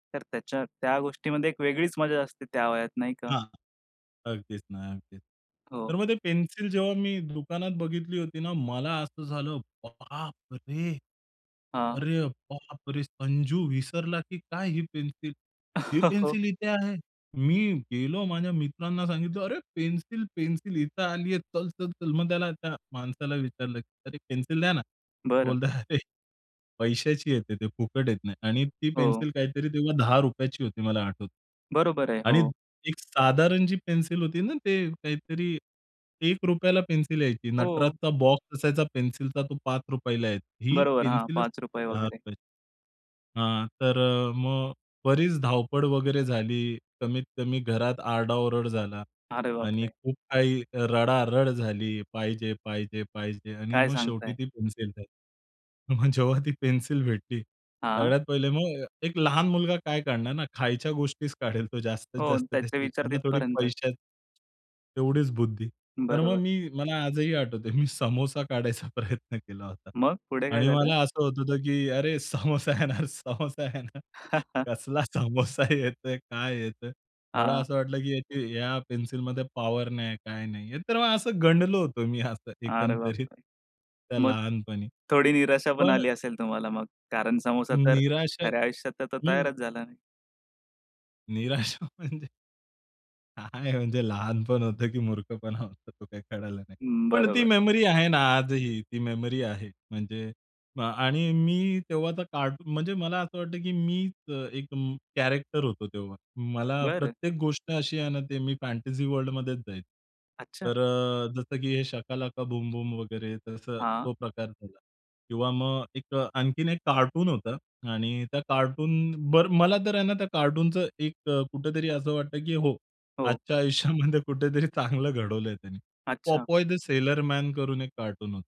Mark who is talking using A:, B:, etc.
A: तर त्याच्या त्या गोष्टीमध्ये एक वेगळीच मजा असते त्या वयात नाही का?
B: हां. अगदीच ना, अगदीच,
A: हो.
B: तर मग ते पेन्सिल जेव्हा मी दुकानात बघितली होती ना मला असं झालं बाप रे!
A: हां.
B: अरे बापरे! संजू विसरला की काय ही पेन्सिल? हे
A: हो.
B: पेन्सिल इथे आहे. मी गेलो माझ्या मित्रांना सांगितलं "अरे पेन्सिल, पेन्सिल इथे आलीये चल, चल, चल." मग त्याला त्या माणसाला विचारलं "अरे एक पेन्सिल द्याना."
A: बरं.
B: बोलतात "अरे! पैशाची येते ती फुकट येत नाही." आणि ती
A: हो.
B: पेन्सिल काहीतरी तेव्हा ₹10ची होती मला आठवतं.
A: बरोबर आहे.
B: आणि
A: हो.
B: एक साधारण जी पेन्सिल होती ना ते काहीतरी ₹1ला पेन्सिल यायची.
A: हो.
B: नटराचा बॉक्स असायचा पेन्सिलचा तो ₹5ला यायची. ही
A: बरोबर हां.
B: पेन्सिलच
A: ₹5
B: फक्त दहा
A: वगैरे.
B: रुपयाची हां. तर अ, मग बरीच धावपळ वगैरे झाली. कमीत कमी घरात आरडाओरड झाला
A: अरे
B: आणि
A: बापरे!
B: खूप काही रडारड झाली "पाहिजे, पाहिजे, पाहिजे." आणि
A: काय
B: मग शेवटी
A: सांगताय!
B: ती पेन्सिल भेटली. मग जेव्हा ती पेन्सिल भेटली.
A: हां.
B: सगळ्यात पहिले मग एक लहान मुलगा काय काढणार ना खायच्या गोष्टीचं काढेल तो जास्तीत
A: हो
B: जास्त
A: त्याचे
B: त्याची
A: विचार
B: त्याला थोडी
A: तिथपर्यंतच.
B: पैशाचं तेवढीच बुद्धी तर मग
A: बरोबर.
B: मी मला आजही आठवतंय मी समोसा काढायचा प्रयत्न केला होता.
A: मग पुढे काय
B: आणि
A: झालं?
B: मला असं होत होतं की अरे! समोसा येणार, समोसा येणार. कसला समोसा येतोय, काय येतोय? मला
A: हां.
B: असं वाटलं की या पेन्सिलमध्ये पॉवर नाही काय नाही. तर मग असं गंडलो होतो मी असं
A: अरे
B: एकंदरीत
A: बापरे!
B: त्या
A: मग?
B: लहानपणी
A: थोडी निराशा पण
B: पण.
A: आली असेल तुम्हाला मग, कारण समोसा तर
B: निराशा
A: खऱ्या आयुष्यात आता
B: हं.
A: तयारचं झाला नाही.
B: निराशा म्हणजे. काय म्हणजे लहानपण होतं की मूर्खपणा होता तो काही कळला नाही.
A: हं.
B: पण ती
A: बरोबर.
B: मेमरी आहे ना आजही. ती मेमरी आहे, म्हणजे अ, आणि मी तेव्हा तर कार्टून म्हणजे मला असं वाटतं कि मी अ, एक अ, कॅरेक्टर होतो तेव्हा, मला
A: बरं.
B: प्रत्येक गोष्ट अशी आहे ना ते मी फॅन्टसी वर्ल्डमध्येच जायचं.
A: अच्छा.
B: तर अ, जसं की हे शका लका बूम बूम वगैरे तसं
A: हां.
B: तो प्रकार झाला किंवा मग एक अ, आणखीन एक कार्टून होतं आणि त्या कार्टून, बरं मला तर आहे ना त्या कार्टूनच एक अ, कुठेतरी असं वाटतं की हो,
A: हो.
B: आजच्या आयुष्यामध्ये कुठेतरी चांगलं घडवलंय त्यांनी
A: अच्छा.
B: पोपॉय द सेलर मॅन करून एक कार्टून होतं.